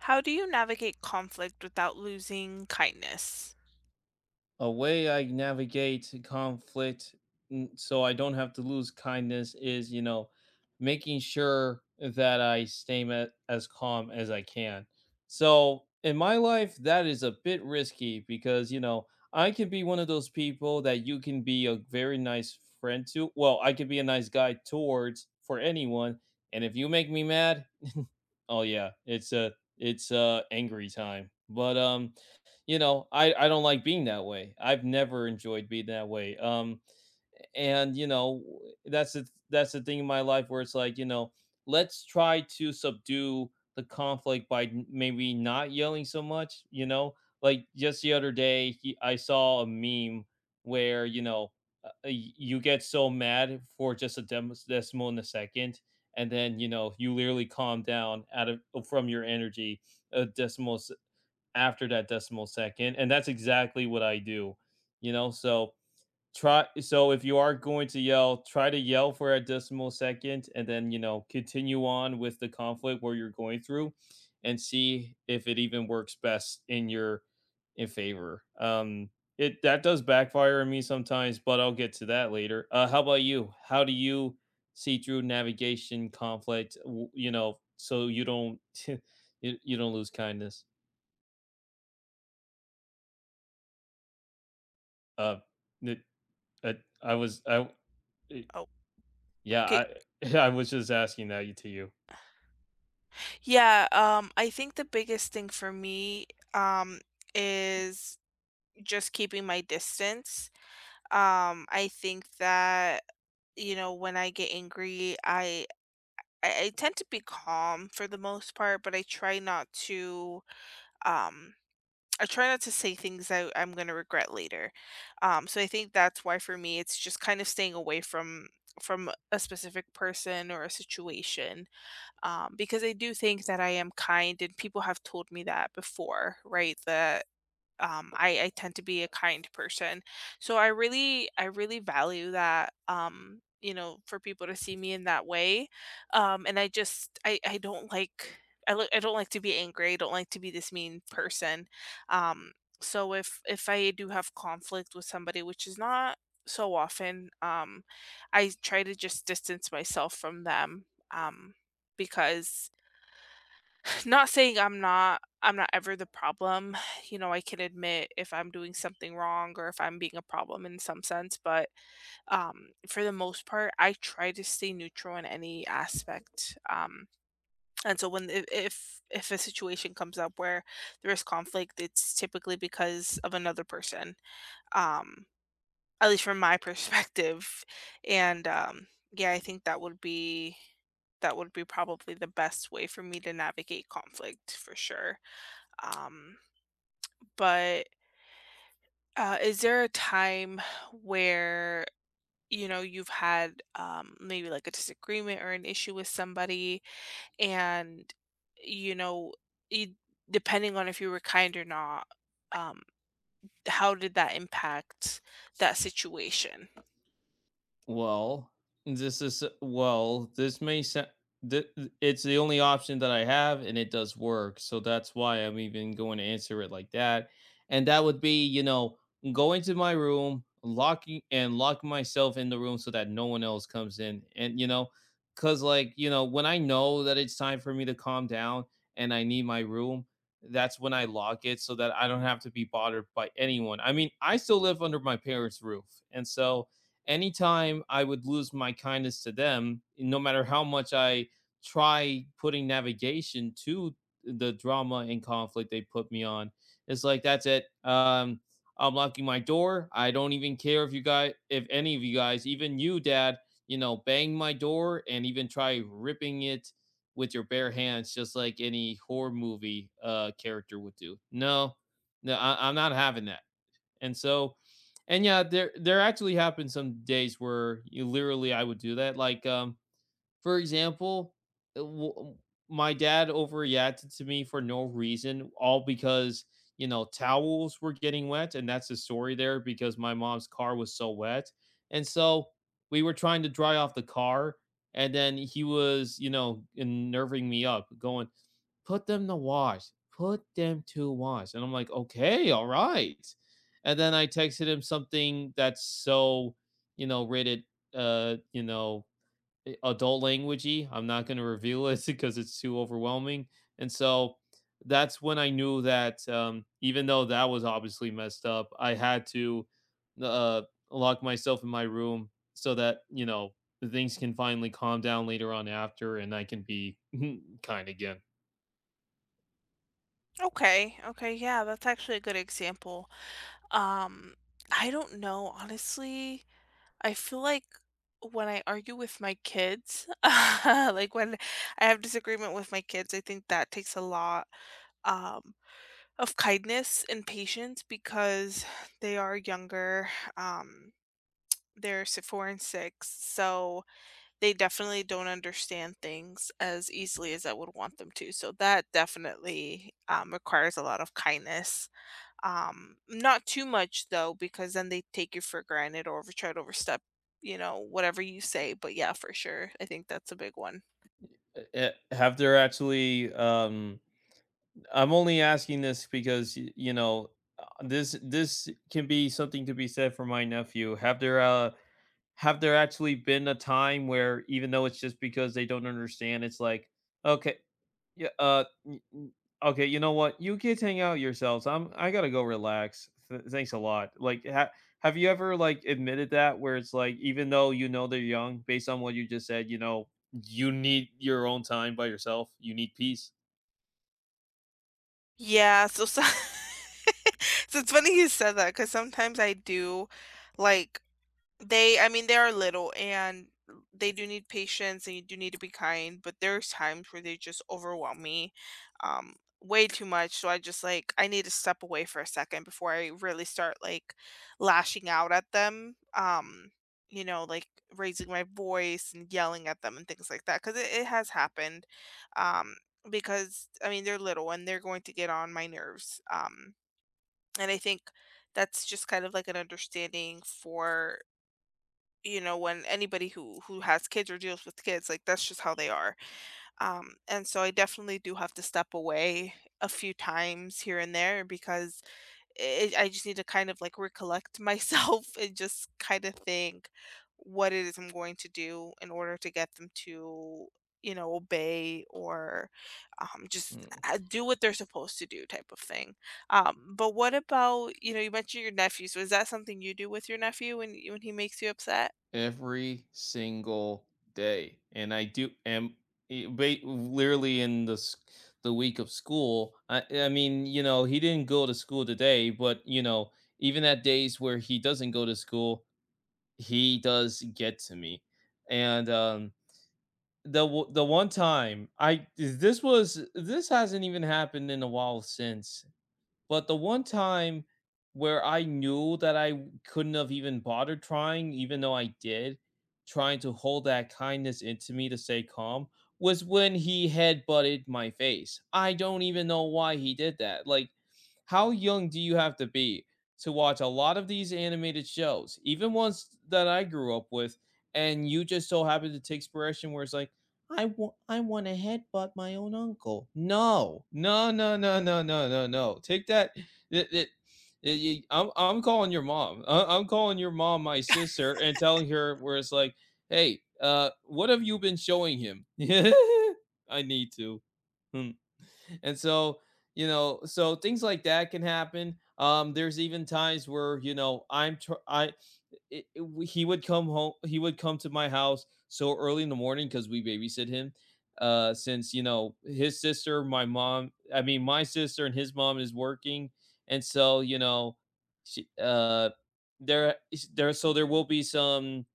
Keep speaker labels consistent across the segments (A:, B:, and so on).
A: How do you navigate conflict without losing kindness?
B: A way I navigate e conflict n so I don't have to lose kindness is, you know, making sure that I stay m as calm as I can. So in my life, that is a bit risky because, you know, I could be one of those people that you can be a very nice friend to Well, I could be a nice guy towards for anyone. And if you make me mad, oh, yeah, it's, uh, it's, uh, angry time. But, um, you know, I I don't like being that way. I've never enjoyed being that way. Um, and, you know, that's the th that's the thing in my life where it's like, you know, let's try to subdue the conflict by m maybe not yelling so much, you know? Like, just the other day, y I saw a meme where, you know, uh, y you get so mad for just a dems decimal in a second, and then, you know, you literally calm down out of from your energy a decimal se after that decimal second, and that's exactly what I do, you know. So, try so, if you are going to yell, try to yell for a decimal second and then, you know, continue on with the conflict where you're going through and see if it even works best in your e favor. Um, it that does backfire on me sometimes, but I'll get to that later. Uh, how about you? How do you see through navigation conflict, u you know, so you don't y you don't lose kindness? Uh, meh eh, I was I eh
A: Oh,
B: yeah.
A: kay
B: I I was just asking that y to you.
A: Yeah, um, I think the biggest thing for me, um, is just keeping my distance. Um, I think that, you know, when I get angry, I I I tend to be calm for the most part, but I try not to, um, I try not to say things that I'm gonna regret later. Um, so I think that's why for me it's just kinda staying away from from a specific person or a situation, um, because I do think that I am kind and people have told me that before, right? That, um, I I tend to be a kind person. So I really I really value that, um, you know, for people to see me in that way. Um, and I just, I I don't like, I l I don't like to be angry, I don't like to be this mean person. Um, so if if I do have conflict with somebody, which is not so often, um, I try to just distance myself from them, um, because Not saying I'm not I'm not ever the problem. You know, I can admit if I'm doing something wrong or if I'm being a problem in some sense, but, um, for the most part, I try to stay neutral in any aspect. Um, and so when, if if if a situation comes up where there is conflict, it's typically because of another person, um, at least from my perspective. And, um, yeah, I think that would be that would be probably the best way for me to navigate conflict for sure. Um, but uh, is there a time where, you know, you've had, um, maybe like a disagreement or an issue with somebody and, you know, it depending on if you were kind or not, um, how did that impact that situation?
B: Well, this is eh Well, this may sound Thi i it's the only option that I have and it does work. So, that's why I'm even going to answer it like that, and that would be, you know, going to my room, locking and lock myself in the room so that no one else comes in, and, you know 'cause, like, you know, when I know that it's time for me to calm down and I need my room, that's when I lock it, so that I don't have to be bothered by anyone. I mean, I still live under my parents' roof. And so anytime I would lose my kindness to them, no matter how much I try putting navigation to, uh, the drama and conflict they put me on, it's like, "That's it. Uh, I'm locking my door. I don't even care if you guy if any of you guys, even you, dad, you know, bang my door and even try ripping it with your bare hands, just like any horror movie, uh, character would do. No, n I I'm not having that." And so and yeah, there there actually happened some days where y literally I would do that. Like, um, for example, eh w w my dad overreacted to me for no reason, all because, you know, towels were getting wet. And that's the story there because my mom's car was so wet. And so we were trying to dry off the car, and then he was, you know, nerving me up going, "Put them to wash, put them to wash." And I'm, like, "Okay, all right." And then I texted him something that's so, you know, rated, uh, you know, eh, adult language-y. I'm not going to reveal it 'cause it's too overwhelming. And so that's when I knew that, um, even though that was obviously messed up, I had to, uh, lock myself in my room so that, you know, things can finally calm down later on after and I can be kind again.
A: Okay, okay, yeah, that's actually a good example, um, I don't know. Honestly, I feel like when I argue with my kids uh, like, when I have disagreement with my kids, I think that takes a lot, um, of kindness and patience because they are younger, um, they're s 4 and 6 so, they definitely don't understand things as easily as I would want them to, so that definitely, um, requires a lot of kindness, um, not too much though, because then they take you for granted or v try to overstep, you know, whatever you say, but yeah, for sure. I think that's a big one.
B: N uh, eh have there actually, um, I'm only asking this because, y you know, uh, this this can be something to be said for my nephew. Have there, uh have there actually been a time where even though it's just because they don't understand, it's like, okay yeah, uh, n n okay, you know what, "You kids hang out yourselves, I'm, I gotta go relax, th thanks a lot." Like, ha have you ever, like, admitted that, where it's like, even though you know they're young based on what you just said, you know, you need your own time by yourself, you need peace?
A: Yeah, so so so, it's funny you said that 'cause sometimes I do, like, they I mean, they're little and they do need patience, and you do need to be kind, but there's times where they just overwhelm me, um, way too much, so I just like I need to step away for a second before I really start like lashing out at them, um, you know, like raising my voice and yelling at them and things like that 'cause it it has happened, um, because, I mean, they're little and they're going to get on my nerves, um, and I think that's just kind of like an understanding for you know, when anybody who, who has kids or deals with kids, like that's just how they are, um, and so I definitely do have to step away a few times here and there because i it I just need to kind of like recollect myself and just kinda think what it is I'm going to do in order to get them to, you know, obey or, um, just
B: Mm.
A: a a do what they're supposed to do type of thing, um, but what about, you know, you mentioned your nephew, so is that something you do with your nephew when when he makes you upset?
B: Every single day, and I do am e be literally in the s the week of school, uh, I mean, you know, he didn't go to school today, but, you know, even at days where he doesn't go to school, he does get to me. And, uh, the o the one time I thi this was this hasn't even happened in a while since, but the one time, where I knew that I couldn't've even bothered trying, even though I did trying to hold that kindness in to me to stay calm was when he headbutted my face, I don't even know why he did that, like, how young do you have to be to watch a lot of these animated shows, even ones that I grew up with, and you just so happen to take spiration where it's like, "I wa I wanna headbutt my own uncle," no, no, no, no, no, no, no, no, take that the the ye ye I'm I'm calling your mom, uh, I'm calling your mom, my sister, and telling her where it's like, "Hey, uh, what have you been showing him?" I need to. Hm. And so, you know, so things like that can happen, um, there's even times where, you know, I'm tr I eh, it w he would come ho he would come to my house so early in the morning 'cause we babysit him, uh, since, you know, his sister, my mom, I mean, my sister and his mom is working. And so, you know, she, uh, there ish there so there will be some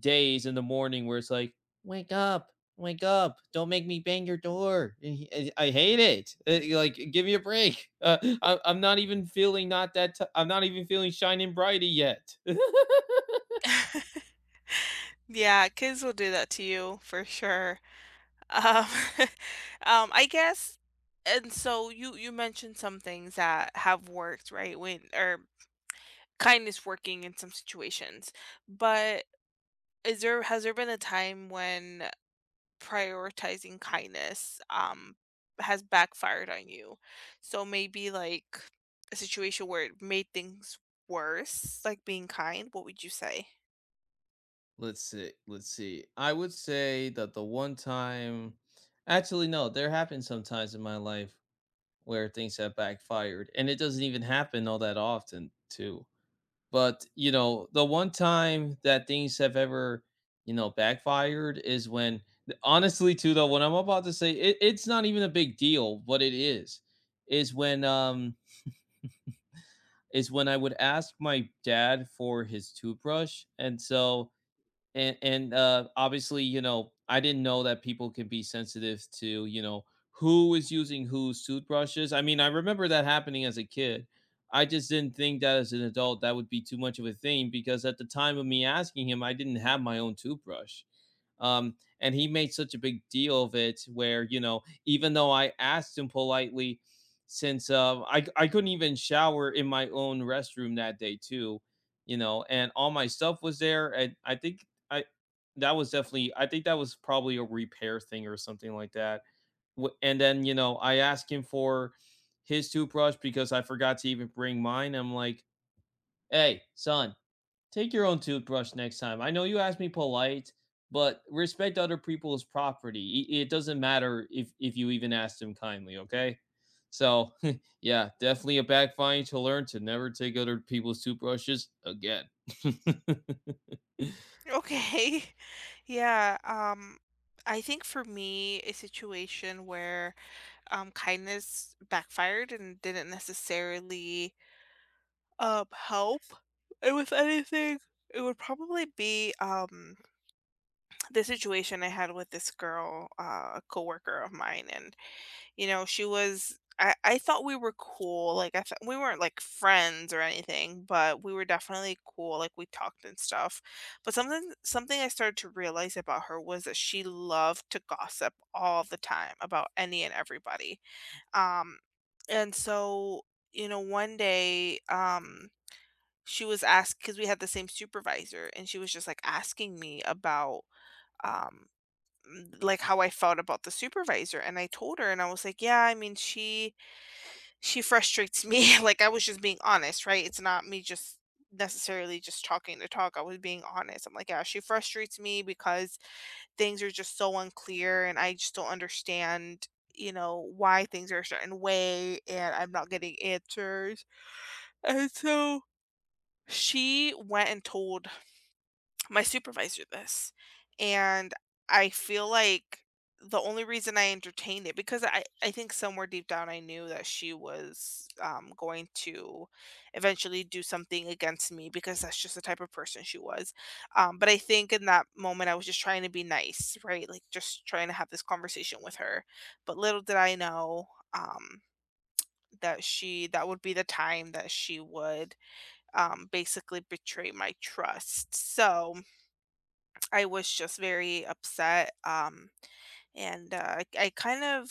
B: days in the morning where it's like, "Wake up, wake up, don't make me bang your door," e I hate it, eh, like, give me a break, uh, I'm I'm not even feeling not that ti I'm not even feeling shiny and brighty yet.
A: Yeah, kids will do that to you for sure, um, um, I guess and so you, you mentioned some things that have worked, right, when or kindness working in some situations, but is there has there been a time when, uh, prioritizing kindness, um, has backfired on you? So maybe like a situation where it made things worse, like being kind, what would you say?
B: Let's see, let's see. I would say that the one time actually, no, there have been some times in my life where things have backfired, and it doesn't even happen all that often too. But, you know, the one time that things have ever, you know, backfired is when, eh honestly too, though, what I'm about to say, it it's not even a big deal what it is, is when, um is when I would ask my dad for his toothbrush, and so and and, um, obviously, you know, I didn't know that people could be sensitive to, you know, who is using whose toothbrushes, I mean, I remember that happening as a kid. I just didn't think that as an adult that would be too much of a thing because at the time of me asking him, I didn't have my own toothbrush. Um, and he made such a big deal of it where, you know, even though I asked him politely since, um, I c couldn't even shower in my own restroom that day too, you know, and all my stuff was there, and I think I that was definitely I think that was probably a repair thing or something like that w and then, you know, I asked him for his toothbrush because I forgot to even bring mine, I'm like, "Hey, son, take your own toothbrush next time, I know you asked me polite, but respect other people's property, i it doesn't matter if if you even asked him kindly, okay?" So yeah, definitely a backfiring to learn to never take other people's toothbrushes again.
A: Okay. Yeah, um, I think for me a situation where, um, kindness backfired and didn't necessarily uh, help with anything, it would probably be, um, the situation I had with this girl, uh, a coworker of mine, and, you know, she was I I thought we were cool, like I th we weren't like friends or anything, but we were definitely cool, like we talked and stuff, but something something I started to realize about her was that she loved to gossip all the time about any and everybody. Um, and so, you know, one day, um, she was ask 'cause we had the same supervisor and she was just like asking me about, um, like how I felt about the supervisor, and I told her and I was like: "Yeah, I mean, she she frustrates me" Like I was just being honest, right? It's not me just necessarily just talking to talk, I was being honest. I'm like: "Yeah, she frustrates me because things are just so unclear and I just don't understand, you know, why things are a certain way and I'm not getting answers," and so she went and told my supervisor this. And I feel like the only reason I entertained it because I I think somewhere deep down, I knew that she was, um, going to eventually do something against me because that's just the type of person she was, um, but I think in that moment, I was just trying to be nice, right? Like just trying to have this conversation with her. But little did I know, um, that she that would be the time that she would, um, basically betray my trust, so I was just very upset, um, and I I kind of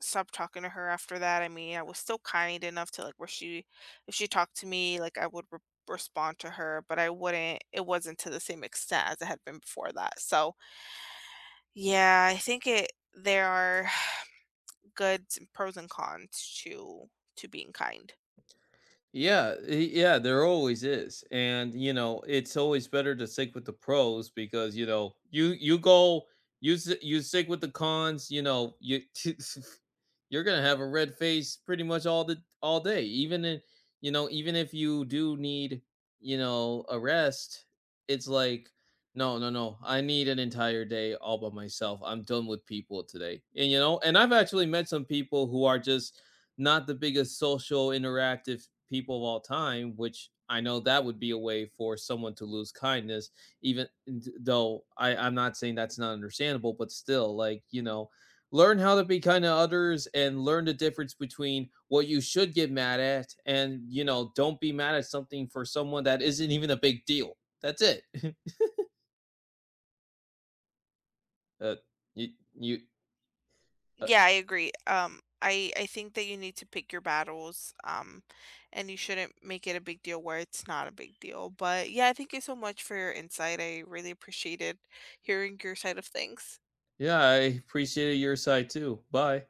A: stopped talking to her after that, I mean, I was still kind enough to like where she if she talked to me, like I would r respond to her, but I wouldn't it wasn't to the same extent as it had been before that, so Yeah, I think it there are good pros and cons to to being kind.
B: Yeah, eh, yeah, there always is, and, you know, it's always better to stick with the pros because, you know, you you go, you s you stick with the cons, you know, you you're gonna have a red face pretty much all the all day. Even if you know, even if you do need, you know, a rest, it's like, "No, no, no, I need an entire day all by myself, I'm done with people today," and, you know and I've actually met some people who are just not the biggest social interactive people of all time, which I know that would be a way for someone to lose kindness, even th though I I'm not saying that's not understandable, but still, like, you know, learn how to be kind to others and learn the difference between what you should get mad at and, you know, don't be mad at something for someone that isn't even a big deal. That's it. Uh, y you Uh
A: Yeah, I agree, um, I I think that you need to pick your battles, um, and you shouldn't make it a big deal where it's not a big deal, but yeah, thank you so much for your insight. I really appreciated hearing your side of things.
B: Yeah, I appreciated your side too. Bye